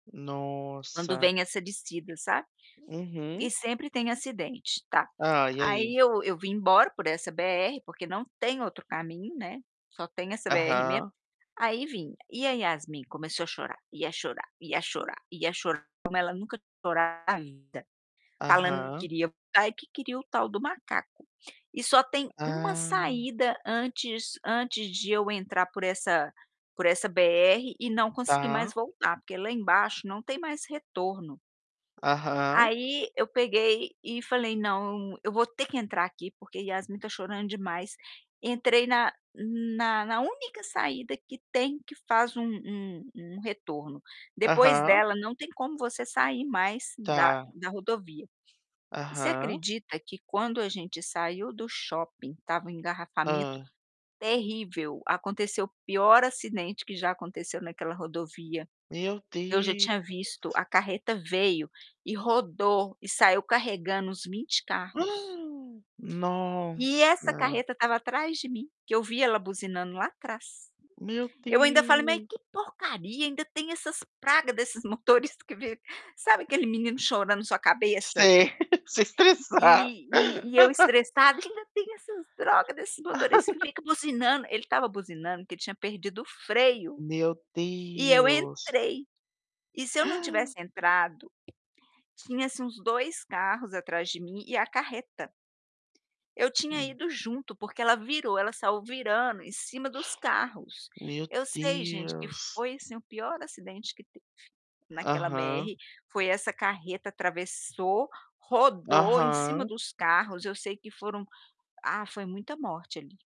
Quando Nossa. vem essa descida, sabe. E Uhum sempre tem acidente, tá. Hã, e Aí aí? eu eu vim embora por essa BR, porque não tem outro caminho, né, só tem essa BR mesmo, Aham. aí vim. E a Yasmin começou a chorar, e a chorar, e a chorar, e a chorar como ela nunca chorou na vida, falando que Aham. queria voltar e que queria o tal do macaco. E só tem uma Ah. saída antes antes de eu entrar por essa por essa BR, e não conseguir mais Tá. voltar, porque lá embaixo não tem mais retorno Aham. aí eu peguei e falei: "Não, eu vou ter que entrar aqui, porque Yasmin está chorando demais", entrei na na na única saída que tem que faz um um um retorno, depois Aham. dela não tem como você sair mais da Tá. da rodovia. Você Aham. acredita que quando a gente saiu do shopping estava um engarrafamento Hã. terrível, aconteceu o pior acidente que já aconteceu naquela rodovia? Meu Eu já Deus! tinha visto, a carreta veio e rodou e saiu carregando uns 20 carros e essa Nossa! carreta estava atrás de mim, que eu vi ela buzinando lá atrás. Meu Eu ainda falei: "Mas Deus! que porcaria, ainda tem essas praga desses motorista que veio" sabe, aquele menino chorando na sua cabeça Sei, se estressar. e e e eu estressada: "Ainda tem essas droga desses motoristas que fica buzinando", ele estava buzinando, porque ele tinha perdido freio. Meu E eu Deus! entrei, e se eu não tivesse entrado, tinha, assim, uns 2 carros atrás de mim e a carreta eu tinha Hum. ido junto, porque ela virou, ela saiu virando em cima dos carros. Meu Eu sei, gente, que Deus. foi, assim, o pior acidente que teve naquela Aham. BR, foi essa carreta, atravessou, rodou em cima Aham. dos carros, eu sei que foram ah, foi muita morte ali.